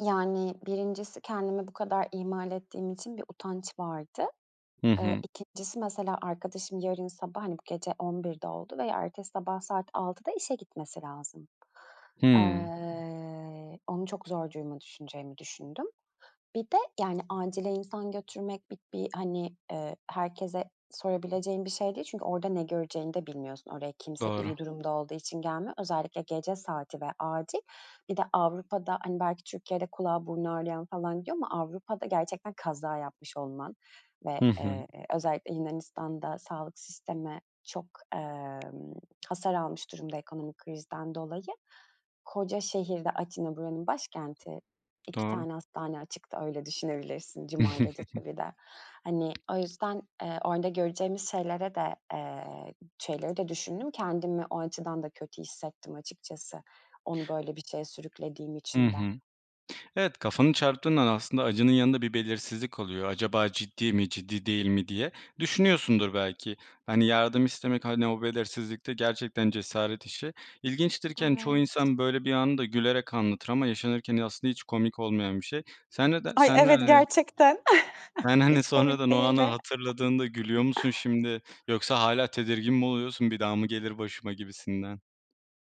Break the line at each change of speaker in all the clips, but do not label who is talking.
Yani, 1'incisi kendimi bu kadar ihmal ettiğim için bir utanç vardı.
Hı
Eee,
hı.
2'ncisi mesela, arkadaşım yarın sabah, hani, bu gece 23.00'de oldu veya ertesi sabah saat 18.00'da işe gitmesi lazım.
Hımm.
Eee, onu çok zor duruma düşüreceğimi düşündüm. Bir de, yani, acile insan götürmek bir bir, hani, eee, herkese sorabileceğin bir şey değil çünkü orada ne göreceğini de bilmiyorsun. Oraya kimse
Doğru.
iyi durumda olduğu için gelmiyor. Özellikle gece saati ve acil. Bir de Avrupa'da, hani, belki Türkiye'de kulağı, burnu ağrıyan falan gidiyor ama Avrupa'da gerçekten kaza yapmış olman ve,
Hı hı.
eee, özellikle Yunanistan'da sağlık sistemi çok, emm, hasar almış durumda ekonomik krizden dolayı. Koca şehirde, Atina buranın başkenti, 2
Doğru.
tane hastane açıktı, öyle düşünebilirsin, cuma gecesi bir de. Hani, o yüzden, eee, orada göreceğimiz şeylere de, eee, şeyleri de düşündüm, kendimi o açıdan da kötü hissettim, açıkças,ı onu böyle bir şeye sürüklediğim
Hı
için de.
hı. Evet, kafanı çarptığın an aslında acının yanında bir belirsizlik oluyor. Acaba ciddi mi, ciddi değil mi diye. Düşünüyorsundur belki, hani, yardım istemek, hani, o belirsizlikte gerçekten cesaret işi. İlginçtir ki, hani, çoğu
Evet.
insan böyle bir anı da gülerek anlatır ama yaşanırken aslında hiç komik olmayan bir şey. Sen ne der
Ay,
sen ne
evet,
[unintelligible]
gerçekten
Yani, hani,
hiç komik
sonradan o anı
değildi.
hatırladığında gülüyor musun şimdi? Yoksa hâlâ tedirgin mi oluyorsun, bir daha mı gelir başıma gibisinden?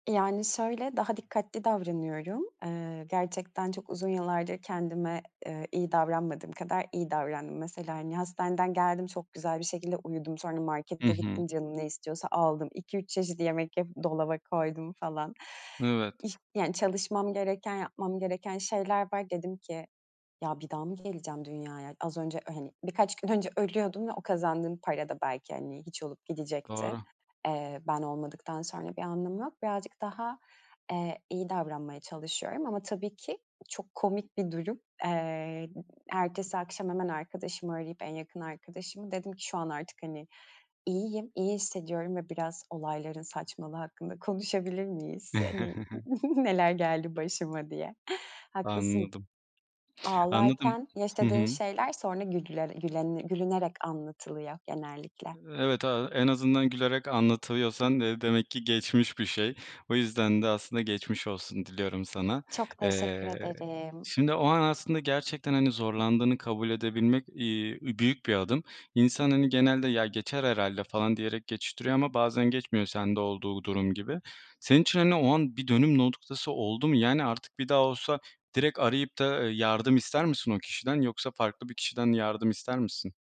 Yani, şöyle daha dikkatli davranıyorum. Eee, gerçekten çok uzun yıllardır kendime, eee, iyi davranmadığım kadar iyi davrandım. Mesela, hani, hastaneden geldim, çok güzel bir şekilde uyudum. Sonra
Hı
markete
hı.
gittim, canım ne istiyorsa aldım, 2-3 çeşit yemek yapıp dolaba koydum, falan.
Evet.
Y yani, çalışmam gereken, yapmam gereken şeyler var. Dedim ki, "Ya, bir daha mı geleceğim dünyaya? Az önce, hani, birkaç gün önce ölüyordum ve o kazandığım para da belki, hani, hiç olup gidecekti.
Doğru.
Eee, ben olmadıktan sonra bir anlamı yok." Birazcık daha, eee, iyi davranmaya çalışıyorum ama tabii ki çok komik bir durum. Eee, ertesi akşam hemen arkadaşımı arayıp, en yakın arkadaşımı, dedim ki, "Şu an artık, hani, iyiyim, iyi hissediyorum ve biraz olayların saçmalığı hakkında konuşabilir miyiz? Hani, neler geldi başıma?" diye. Haklısın.
Anladım. Anladım.
Ağlarken
Hı
yaşadığın
hı.
şeyler sonra gülle gülene gülünerek anlatılıyor genellikle.
Evet, aaa, en azından gülerek anlatıyorsan, eee, demek ki geçmiş bir şey. O yüzden de aslında geçmiş olsun diliyorum sana.
Çok teşekkür
Eee,
ederim.
şimdi o an aslında gerçekten, hani, zorlandığını kabul edebilmek, iii, büyük bir adım. İnsan, hani, genelde, ya geçer herhâlde falan, diyerek geçiştiriyor ama bazen geçmiyor sende olduğu durum gibi. Senin için, hani, o an bir dönüm noktası oldu mu? Yani, artık bir daha olsa direkt arayıp da, eee, yardım ister misin o kişiden yoksa farklı bir kişiden yardım ister misin?